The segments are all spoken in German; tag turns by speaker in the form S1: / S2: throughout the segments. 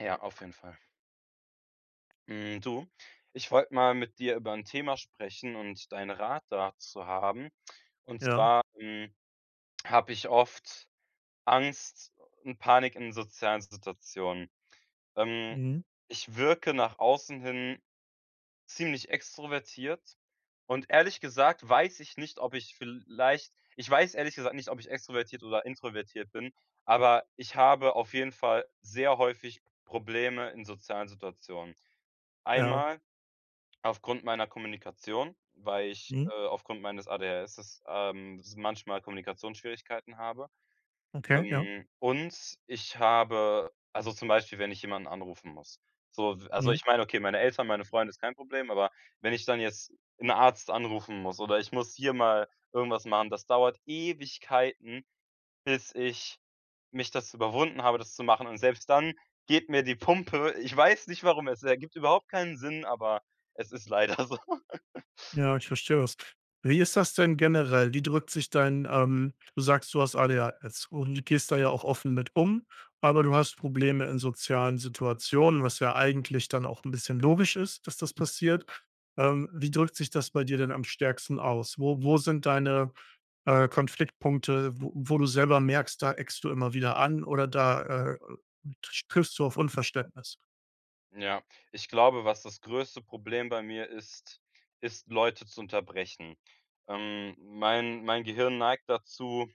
S1: Ja, auf jeden Fall. Hm, du, ich wollte mal mit dir über 'n Thema sprechen und deinen Rat dazu haben. Und
S2: Ja.
S1: zwar, hm, habe ich oft Angst und Panik in sozialen Situationen. Ähm,
S2: Mhm.
S1: ich wirke nach außen hin ziemlich extrovertiert und, ehrlich gesagt weiß ich nicht, ob ich vielleicht ich weiß, ehrlich gesagt, nicht, ob ich extrovertiert oder introvertiert bin, aber ich habe auf jeden Fall sehr häufig Probleme in sozialen Situationen.
S2: Ja.
S1: Einmal aufgrund meiner Kommunikation, weil ich,
S2: Mhm.
S1: äh, aufgrund meines ADHS, ähm, s manchmal Kommunikationsschwierigkeiten habe.
S2: Okay, ja.
S1: Hm, und ich habe also zum Beispiel, wenn ich jemanden anrufen muss. So v also
S2: Mhm.
S1: ich meine, okay, meine Eltern, meine Freunde, ist kein Problem, aber wenn ich dann jetzt 'n Arzt anrufen muss oder ich muss hier mal irgendwas machen, das dauert Ewigkeiten, bis ich mich dazu überwunden habe, das zu machen. Und selbst dann geht mir die Pumpe. Ich weiß nicht, warum. Es ergibt überhaupt keinen Sinn, aber es ist leider so.
S2: Ja, ich verstehe das. Wie ist das denn generell? Wie drückt sich dein ähm, du sagst, du hast ADHS und gehst da ja
S1: Hmh.
S2: auch offen mit um, aber du hast Probleme in sozialen Situationen, was ja eigentlich dann auch 'n bisschen logisch ist, dass das passiert. Ähm, wie drückt sich das bei dir denn am stärksten aus? Wo wo sind deine, äh, Konfliktpunkte, wo wo du selber merkst, da eckst du immer wieder an oder da, äh, trsch [unintelligible] triffst du auf Unverständnis.
S1: Ja, ich glaube, was das größte Problem bei mir ist, ist Leute zu unterbrechen. Ähm, mein mein Gehirn neigt dazu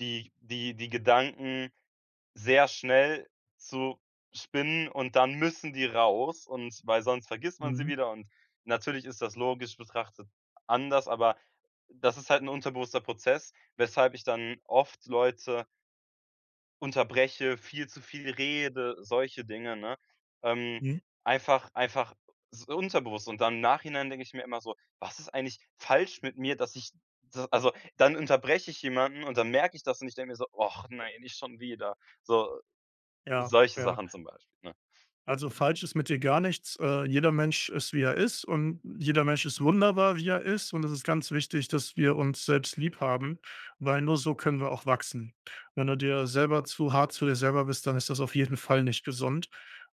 S1: die die die Gedanken sehr schnell zu spinnen und dann müssen die raus und weil sonst vergisst man sie
S2: Mhm.
S1: wieder und natürlich ist das, logisch betrachtet, anders, aber das ist halt 'n unterbewusster Prozess, weshalb ich dann oft Leute unterbreche, viel zu viel rede, solche Dinge, ne? Ähm,
S2: Mhm.
S1: einfach einfach es ist unterbewusst. Und dann im Nachhinein denke ich mir immer so: „Was ist eigentlich falsch mit mir, dass ich“ s also, dann unterbreche ich jemanden und dann merke ich das und ich denke mir so: „Ach, nein, nicht schon wieder.“ So,
S2: Ja,
S1: solche
S2: ja.
S1: Sachen zum Beispiel, ne?
S2: Also, falsch ist mit dir gar nichts. Äh, jeder Mensch ist, wie er ist, und jeder Mensch ist wunderbar, wie er ist, und es ist ganz wichtig, dass wir uns selbst lieb haben, weil nur so können wir auch wachsen. Wenn du dir selber zu hart zu dir selber bist, dann ist das auf jeden Fall nicht gesund.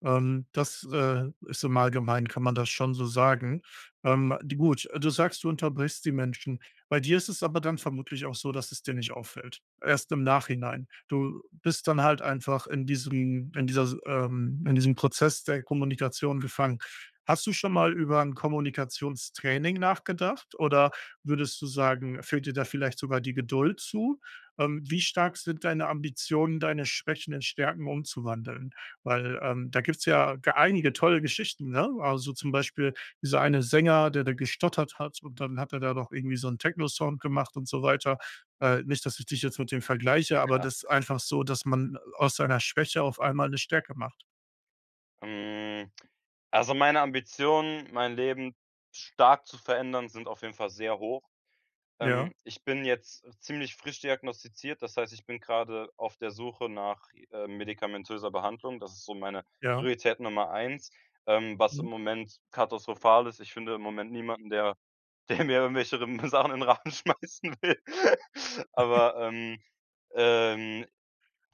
S2: Ähm, das, äh, ist im Allgemeinen kann man das schon so sagen. Ähm, di gut, du sagst, du unterbrichst die Menschen. Bei dir ist es aber dann vermutlich auch so, dass es dir nicht auffällt. Erst im Nachhinein. Du bist dann halt einfach in diesem in dieser Si ähm, in diesem Prozess der Kommunikation gefangen. Hast du schon mal über 'n Kommunikationstraining nachgedacht oder würdest du sagen, fehlt dir da vielleicht sogar die Geduld zu? Ähm, wie stark sind deine Ambitionen, deine Schwächen in Stärken umzuwandeln? Weil, ähm, da gibt's ja g einige tolle Geschichten, ne? Also, zum Beispiel, dieser eine Sänger, der der gestottert hat, und dann hat er da doch irgendwie so 'n Techno-Song gemacht und so weiter. Äh, nicht, dass ich dich jetzt mit dem vergleiche, aber
S1: Ja.
S2: das ist
S1: [unintelligible]
S2: einfach so, dass man aus seiner Schwäche auf einmal 'ne Stärke macht.
S1: Hm, also, meine Ambitionen, mein Leben stark zu verändern, sind auf jeden Fall sehr hoch.
S2: Ja.
S1: Ähm, ich bin jetzt ziemlich frisch diagnostiziert. Das heißt, ich bin grade auf der Suche nach, ähm, medikamentöser Behandlung. Das ist so meine
S2: Ja.
S1: Priorität Nummer 1. Ähm, was im
S2: Mhm.
S1: Moment katastrophal ist: Ich finde im Moment niemanden, der der mir irgendwelche [unintelligible] Sachen in den Rachen schmeißen will. Aber, ähm, ähm,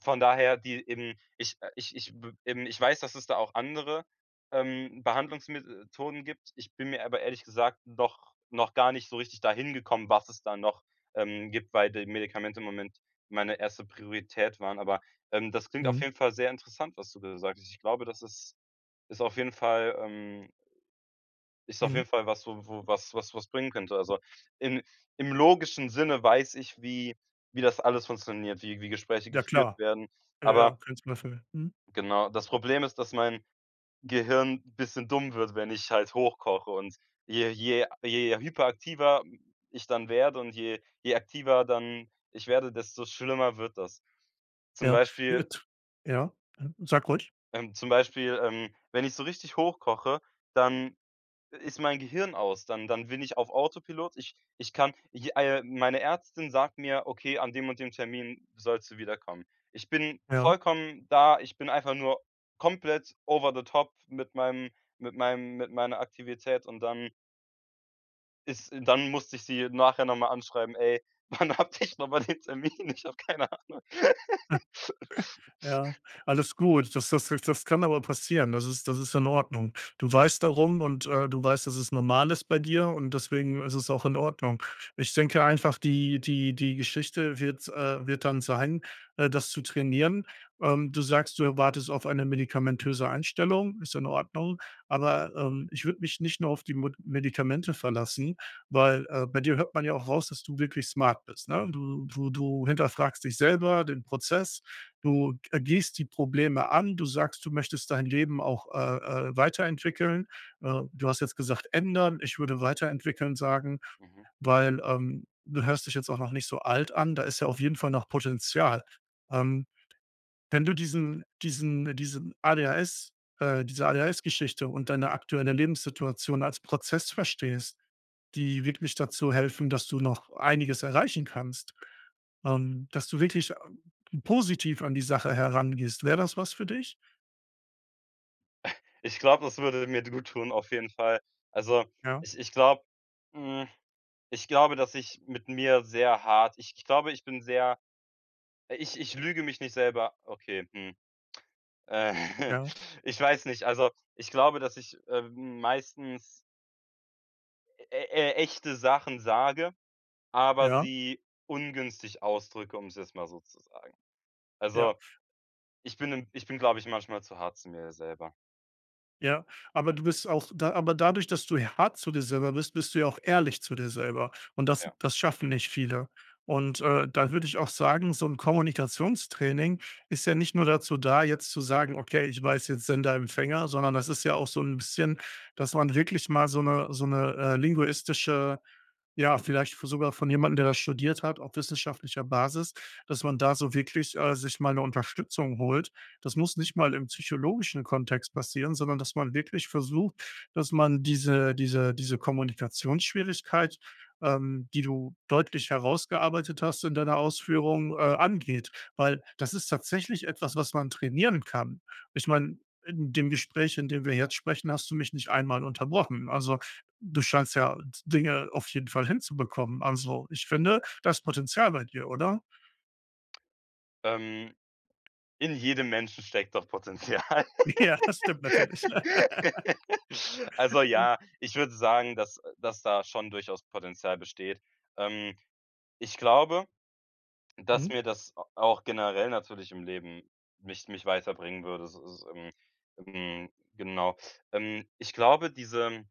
S1: von daher, die eben ich, äh, ich ich b eben, ich weiß, dass es da auch andere, ähm, Behandlungsmethoden gibt. Ich bin mir aber ehrlich gesagt noch noch gar nicht so richtig da hingekommen, was es da noch, ähm, gibt, weil die Medikamente im Moment meine 1. Priorität waren. Aber, ähm, das klingt auf
S2: Mhm.
S1: jeden Fall sehr interessant, was du da sagst. Ich glaube, das ist ist auf jeden Fall, ähm ist auf
S2: Mhm.
S1: jeden Fall was, wo wo was was was bringen könnte. Also, im im logischen Sinne weiß ich, wie wie das alles funktioniert, wie wie Gespräche
S2: Ja
S1: geführt
S2: klar.
S1: werden.
S2: Ja, ja,
S1: Aber
S2: kann ich nachfühlen. Mhm.
S1: genau, das Problem ist, dass mein Gehirn bisschen dumm wird, wenn ich halt hochkoche. Und je je je hyperaktiver ich dann werde und je je aktiver dann ich werde, desto schlimmer wird das. Zum
S2: Ja.
S1: Beispiel
S2: [unintelligible] Ja, ja. Sag ruhig.
S1: ähm, zum Beispiel, ähm, wenn ich so richtig hochkoche, dann i ist mein Gehirn aus. Dann dann bin ich auf Autopilot. Ich ich kann, j äh, meine Ärztin sagt mir: „Okay, an dem und dem Termin sollst du wiederkommen.“ Ich bin
S2: Ja?
S1: vollkommen da. Ich bin einfach nur komplett over the top mit meinem mit meinem mit meiner Aktivität und dann ist äh, dann musste ich sie nachher noch mal anschreiben: „Ey, wann hatte ich nochmal den Termin? Ich hab keine Ahnung.“
S2: Ja, alles gut. Das das jetzt das kann aber passieren. Das ist das ist in Ordnung. Du weißt darum und, äh, du weißt, dass es normal ist bei dir und deswegen ist es auch in Ordnung. Ich denke einfach, die die die Geschichte wird, äh wird dann sein, äh, das zu trainieren. Ähm, du sagst, du erwartest auf eine medikamentöse Einstellung. Ist in Ordnung, aber, ähm, ich würde mich nicht nur auf die Mod Medikamente verlassen, weil, äh, bei dir hört man ja auch raus, dass du wirklich smart bist, ne? Du du du hinterfragst dich selber, den Prozess, du, g äh, gehst die Probleme an. Du sagst, du möchtest dein Leben auch, äh, äh, weiterentwickeln. Äh, du hast jetzt gesagt „ändern“. Ich würde „weiterentwickeln“ sagen,
S1: Mhm.
S2: weil, ähm, du hörst dich jetzt auch noch nicht so alt an. Da ist ja auf jeden Fall noch Potenzial. Ähm, wenn du diesen diesen diesen ADHS äh, diese ADHS-Geschichte und deine aktuelle Lebenssituation als Prozess verstehst, die wirklich dazu helfen, dass du noch einiges erreichen kannst, ähm, dass du wirklich, ähm, positiv an die Sache herangehst. Wäre das was für dich?
S1: Ich glaube, das würde mir d gut tun, auf jeden Fall. Also,
S2: Ja.
S1: ich ich glaube, hm ich glaube, dass ich mit mir sehr hart ich ich glaube, ich bin sehr ich ich lüge mich nicht selber okay, hm.
S2: Ja.
S1: Ich weiß nicht. Also, ich glaube, dass ich, ähm, meistens e e echte Sachen sage, aber
S2: Ja.
S1: sie ungünstig ausdrücke, um's jetzt mal so zu sagen.
S2: Ja.
S1: Also, ich bin im ich bin, glaube ich, manchmal zu hart zum mir selber.
S2: Ja, aber du bist auch da aber dadurch, dass du h hart zu dir selber bist, bist du ja auch ehrlich zu dir selber und das
S1: Ja.
S2: das schaffen nicht viele. Und, äh, da würde ich auch sagen, so 'n Kommunikationstraining ist ja nicht nur dazu da, jetzt zu sagen: „Okay, ich weiß jetzt Sender- Empfänger.“, sondern das ist ja auch so 'n bisschen, dass man wirklich mal so 'ne so 'ne, äh, linguistische ja, vielleicht v sogar von jemandem, der das studiert hat, auf wissenschaftlicher Basis, dass man da so wirklich, äh, sich mal 'ne Unterstützung holt. Das muss nicht mal im psychologischen Kontext passieren, sondern dass man wirklich versucht, dass man diese diese diese Kommunikationsschwierigkeit, ähm, die du deutlich herausgearbeitet hast in deiner Ausführung, äh, angeht, weil, das ist tatsächlich etwas, was man trainieren kann. Ich
S1: Hm.
S2: meine, in dem Gespräch, in dem wir jetzt sprechen, hast du mich nicht einmal unterbrochen. Also du scheinst ja D Dinge auf jeden Fall hinzubekommen. Also, ich finde, da ist Potenzial bei dir, oder?
S1: Ähm. In jedem Menschen steckt doch Potenzial.
S2: Ja, das stimmt natürlich.
S1: Also, ja, ich würde sagen, dass, äh dass da schon durchaus Potenzial besteht. Ähm. Ich glaube, dass
S2: Mhm.
S1: mir das a auch generell natürlich im Leben mich mich weiterbringen würde s so, ähm. Hm, genau. Ähm, ich glaube, diese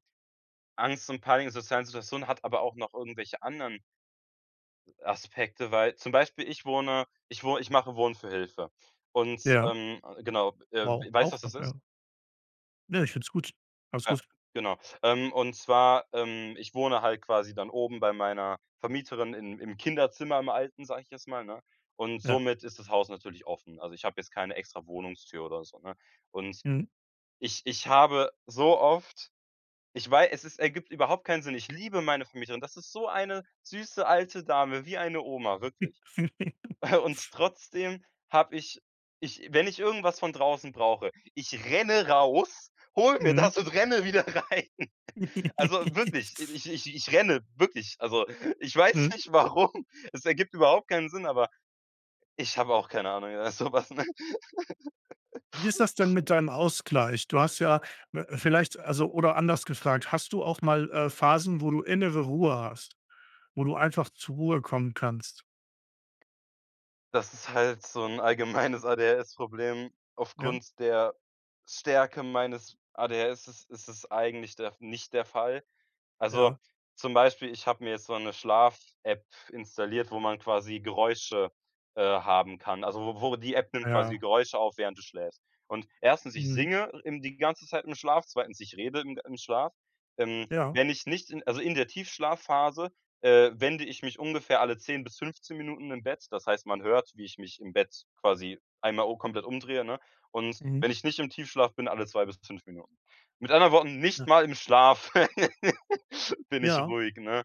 S1: Angst und Panik in sozialen Situationen hat aber auch noch irgendwelche anderen Aspekte, weil, zum Beispiel ich wohne ich wo ich mache Wohnen für Hilfe. Und,
S2: Ja.
S1: ähm, genau, äh,
S2: Wow,
S1: weißt,
S2: auch
S1: was das
S2: noch,
S1: ist?
S2: ja. Ne, ich finde es gut. Alles
S1: Ja,
S2: gut.
S1: genau. Ähm, und zwar, ähm, ich wohne halt quasi dann oben bei meiner Vermieterin im im Kinderzimmer im alten, sage ich jetzt mal, ne? Und
S2: Ja.
S1: somit ist das Haus natürlich offen. Also, ich habe jetzt keine extra Wohnungstür oder so, ne? Und
S2: Mhm.
S1: ich ich habe so oft ich wei es ist ergibt überhaupt keinen Sinn. Ich liebe meine Vermieterin, das ist so eine süße alte Dame, wie eine Oma, wirklich. Und trotzdem habe ich ich wenn ich irgendwas von draußen brauche, ich renne raus, hole mir
S2: Mhm.
S1: das und renne wieder rein. Also wirklich, ich ich ich renne, wirklich. Also, ich weiß
S2: Mhm.
S1: nicht, warum, es ergibt überhaupt keinen Sinn, aber ich habe auch keine Ahnung. Ja, sowas, ne?
S2: Wie ist das denn mit deinem Ausgleich? Du hast ja w vielleicht, also oder anders gefragt: Hast du auch mal, äh, Phasen, wo du innere Ruhe hast? Wo du einfach zur Ruhe kommen kannst?
S1: Das ist halt so 'n allgemeines ADHS Problem.
S2: Ja.
S1: Aufgrund der Stärke meines ADHS ist ist es eigentlich der nicht der Fall. Also,
S2: Ja.
S1: zum Beispiel, ich habe mir jetzt so 'ne Schlaf-App installiert, wo man quasi Geräusche, äh, haben kann. Also, wo wo die App nimmt quasi die
S2: Ja.
S1: Geräusche auf, während du schläfst. Und 1., ich
S2: Mhm.
S1: singe im die ganze Zeit im Schlaf, 2., ich rede im im Schlaf. Ähm,
S2: Ja.
S1: wenn ich nicht in also, in der Tiefschlafphase, äh, wende ich mich ungefähr alle 10 bis 15 Minuten im Bett. Das heißt, man hört, wie ich mich im Bett quasi einmal u komplett umdrehe, ne? Und
S2: Mhm.
S1: wenn ich nicht im Tiefschlaf bin, alle 2 bis 5 Minuten. Mit anderen Worten, nicht
S2: [unintelligible]
S1: mal im Schlaf bin ich
S2: Ja.
S1: ruhig, ne?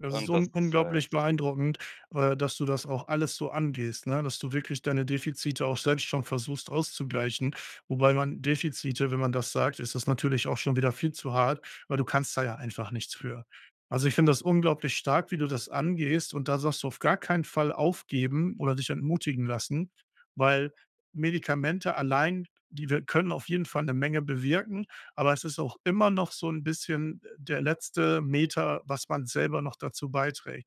S2: Das ist
S1: Und das
S2: un
S1: es
S2: unglaublich
S1: heißt
S2: beeindruckend, äh, dass du das auch alles so angehst, ne? Dass du wirklich deine Defizite auch selbst schon versuchst auszugleichen. Wobei man Defizite, wenn man das sagt, ist das natürlich auch schon wieder viel zu hart, weil du kannst da ja einfach nichts für. Also, ich finde das unglaublich stark, wie du das angehst und da sagst du, „auf gar keinen Fall aufgeben oder dich entmutigen lassen“, weil Medikamente allein, die wir können auf jeden Fall 'ne Menge bewirken, aber es ist auch immer noch so 'n bisschen, äh, der letzte Meter, was man selber noch dazu beiträgt.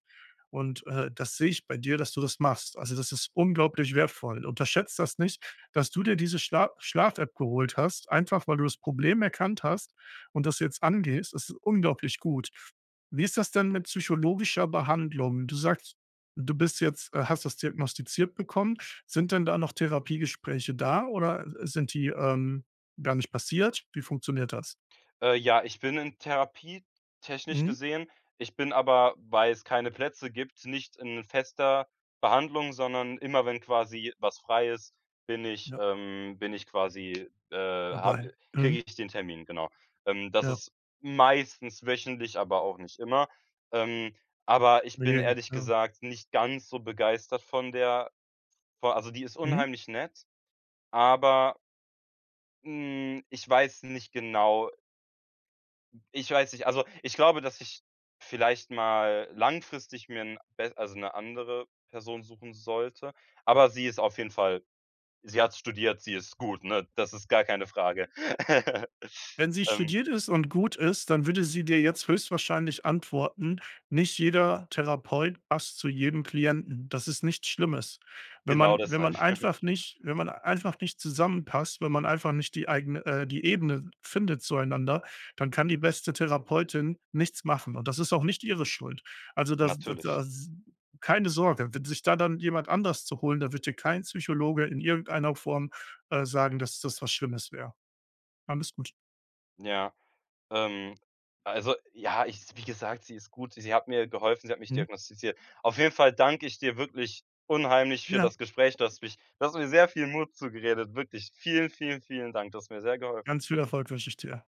S2: Und, äh, das sehe ich bei dir, dass du das machst. Also, das ist unglaublich wertvoll. Unterschätze das nicht, dass du dir diese Schla Schlaf-App geholt hast, einfach, weil du das Problem erkannt hast und das jetzt angehst, das ist unglaublich gut. Wie ist das denn mit psychologischer Behandlung? Du sagst, du bist jetzt, äh hast das diagnostiziert bekommen. Sind denn da noch Therapiegespräche da oder, äh, sind die, ähm, gar nicht passiert? Wie funktioniert das?
S1: Äh, ja, ich bin in Therapie, technisch
S2: Mhm.
S1: gesehen. Ich bin aber, weil's keine Plätze gibt, nicht in fester Behandlung, sondern immer wenn quasi was frei ist, bin ich
S2: Ja.
S1: ähm, bin ich quasi, äh
S2: Dabei,
S1: habe kriege
S2: mhm.
S1: ich den Termin, genau. Ähm das
S2: Ja.
S1: ist meistens wöchentlich, aber auch nicht immer. Ähm, aber ich bin
S2: [unintelligible]
S1: ehrlich
S2: ,ja.
S1: gesagt nicht ganz so begeistert von der vor also, die ist
S2: Mhm.
S1: unheimlich nett, aber hm, ich weiß nicht genau ich weiß nicht also, ich glaube, dass ich vielleicht mal langfristig mir 'n bes also, 'ne andere Person suchen sollte, aber sie ist auf jeden Fall sie hat studiert, sie ist gut, ne? Das ist gar keine Frage.
S2: Wenn sie
S1: Ähm
S2: studiert ist und gut ist, dann würde sie dir jetzt höchstwahrscheinlich antworten: „Nicht jeder Therapeut passt zu jedem Klienten.“ Das ist nichts Schlimmes. Wenn
S1: Genau
S2: man wenn
S1: deshalb.
S2: man einfach nicht wenn man einfach nicht zusammenpasst, wenn man einfach nicht die eigene, äh die Ebene findet zueinander, dann kann die beste Therapeutin nichts machen und das ist auch nicht ihre Schuld. Also, das da
S1: Natürlich.
S2: das keine Sorge, wenn sich da dann jemand anders zu holen, da wird dir kein Psychologe in irgendeiner Form, äh, sagen, dass das was Schlimmes wäre. Alles gut.
S1: Ja, ähm, also, ja, ich wie gesagt, sie ist gut. Sie hat mir geholfen, sie hat mich
S2: Hm.
S1: diagnostiziert. Auf jeden Fall danke ich dir wirklich unheimlich für
S2: Ja.
S1: das Gespräch, du hast mich du hast mir sehr viel Mut zugeredet. Wirklich vielen, vielen, vielen Dank. Du hast mir sehr geholfen.
S2: Ganz viel Erfolg wünsche ich dir.